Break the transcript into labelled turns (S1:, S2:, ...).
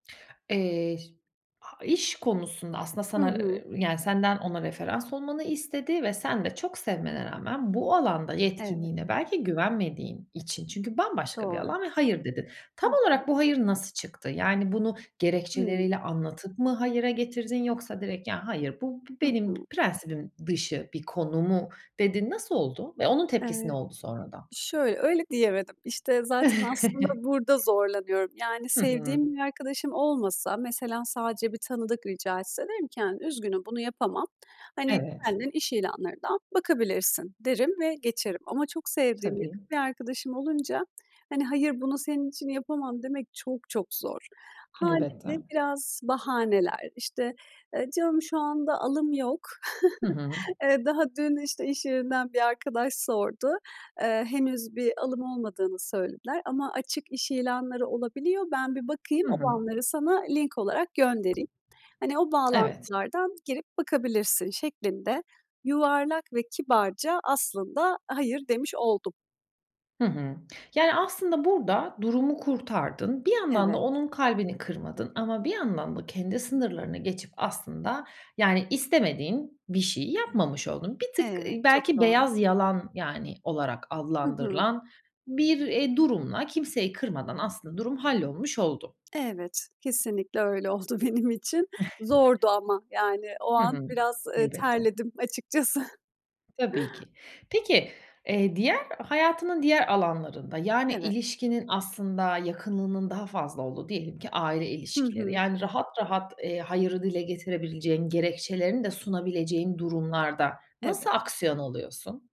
S1: Eee, şi a iş konusunda aslında
S2: Hı
S1: sana,
S2: hı.
S1: eee, yani, senden ona referans olmanı istedi ve sen de çok sevmene rağmen bu alanda
S2: Evet.
S1: yetkinliğine belki güvenmediğin için, çünkü bambaşka bir
S2: Doğru.
S1: alan, ve hayır dedin. Tam
S2: Hı hı.
S1: olarak bu hayır nasıl çıktı? Yani, bunu
S2: Hıı.
S1: gerekçeleriyle anlatıp mı hayıra getirdin, yoksa direkt, "Ya, hayır. Bu be
S2: Hı
S1: benim
S2: hı.
S1: prensibim dışı bir konu." mu dedin? Nasıl oldu ve onun tepkisi ne
S2: Evet.
S1: oldu sonradan?
S2: Şöyle, öyle diyemedim. İşte, zaten aslında burada zorlanıyorum. Yani,
S1: Hı hı.
S2: sevdiğim bir arkadaşım olmasa, mesela, sadece bir tanıdık rica etse, derim ki, hani, "Üzgünüm, bunu yapamam. Hani,
S1: Evet.
S2: kendin iş ilanlarından bakabilirsin." derim ve geçerim ama çok sevdiğim [unintelligible]
S1: Tabii.
S2: bir arkadaşım olunca, hani, "Hayır, bunu senin için yapamam." demek çok çok zor. Hâliyle
S1: Elbette.
S2: biraz bahaneler, işte, eee, "Canım, şu anda alım yok.
S1: Hı hı.
S2: Eee, daha dün, işte, iş yerinden bir arkadaş sordu. Eee, henüz bir alım olmadığını söylediler ama açık iş ilanları olabiliyor. Ben bir bakayım,
S1: Hı hı.
S2: olanları sana link olarak göndereyim. Hani, o
S1: Evet.
S2: bağlantılardan girip bakabilirsin." şeklinde yuvarlak ve kibarca aslında hayır demiş oldum.
S1: Hı hı. Yani, aslında burada durumu kurtardın. Bir yandan da
S2: Evet.
S1: onun kalbini kırmadın ama bir yandan da kendi
S2: Hı hı.
S1: sınırlarını geçip aslında, yani, istemediğin bir şeyi yapmamış oldun. Bir tık,
S2: Evet,
S1: ııı,
S2: çok
S1: belki
S2: doğru.
S1: beyaz yalan, yani, olarak
S2: Hı hı.
S1: adlandırılan bir, eee, durumla kimseyi kırmadan aslında durum hallolmuş oldu.
S2: Evet. Kesinlikle, öyle oldu benim için. Zordu ama, yani, o
S1: Hı hı.
S2: an biraz, ııı,
S1: Elbette.
S2: terledim açıkçası.
S1: Tabii ki. Peki, eee, diğer, hayatının diğer alanlarında, yani,
S2: Evet.
S1: ilişkinin aslında yakınlığının daha fazla olduğu, diyelim ki aile
S2: Hı
S1: ilişkileri,
S2: hı.
S1: yani rahat rahat, eee, hayırı dile getirebileceğin, gerekçelerini de sunabileceğin durumlarda nasıl
S2: Evet.
S1: aksiyon alıyorsun?